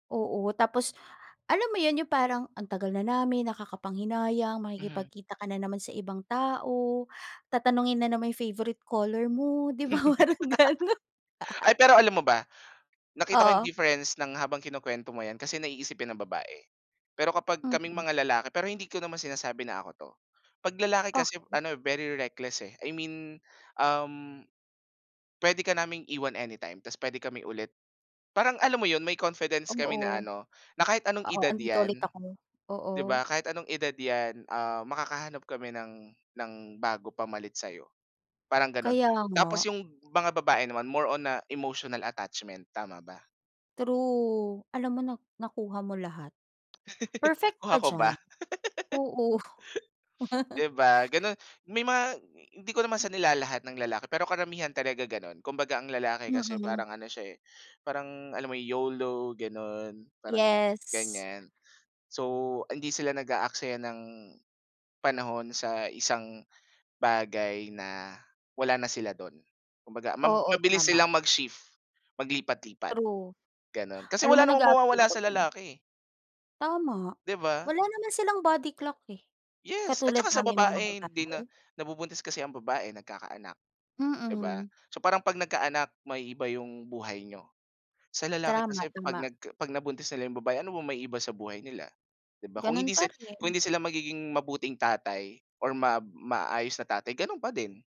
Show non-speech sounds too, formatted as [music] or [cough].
Oo, tapos alam mo yun, yung parang ang tagal na namin nakakapanghinayang, Mhm. makikipagkita ka na naman sa ibang tao, tatanungin na naman yung favorite color mo ‘di ba parang ganun. [laughs] Ay pero alam mo ba, nakita ko yung Oo. difference ng habang kinukwento mo ‘yan kasi naiisipin ng babae. Pero kapag kaming Mhm. mga lalaki, pero hindi ko naman sinasabi na ako ‘to. ‘Pag lalaki kasi Okey. ano eh, very reckless eh. I mean, um, pwede ka naming iwan anytime tas pwede kami ulit parang alam mo yun, may confidence kami Oo. na ano, na kahit anong Oo, edad nandito ‘yan, ulit ako. ‘di Oo. ba kahit anong edad ‘yan, ah, makakahanap kami ng ng bago pamalit sa’yo. Parang gano’n, Kaya nga. tapos yung mga babae naman more on, ah, emotional attachment, tama ba? True, alam mo na nakuha mo lahat. [laughs] Perfect Kuha ka ko diyan. ba? Oo. [laughs] [laughs] ‘Di ba, ganun, may mga hindi ko naman M sa nilalahat ng lalaki pero karamihan talaga gano’n. Kumbaga ang lalaki kasi Mm. parang ano siya eh, parang alam mo YOLO gano’n, parang Yes. ganiyan. So, hindi sila nag-aaksaya ng panahon sa isang bagay na wala na sila do’n. Kumbaga mab Oo, mabilis tama. silang mag-shift, maglipat-lipat, True. gano’n kasi Alam mo wala namang nag-a-agree mawawala ako sa diyan. lalaki eh. Tama, ‘Di ba. wala naman silang body clock eh, Yes, at katulad tsaka sa naming mga babae hindi babae. na nabubuntis kasi ang babae, nagkakaanak ‘di ba. Mm. So parang ‘pag nagkaanak maiiba yung buhay niyo. Sa lalaki Tama, kasi ‘pag tama. nagka ‘pag nabuntis nila yung babae ano ba maiiba sa buhay nila, ‘di ba kung Ganun hindi pa sil kung rin. hindi sila magiging mabuting tatay or mab maayos na tatay, ganun pa din.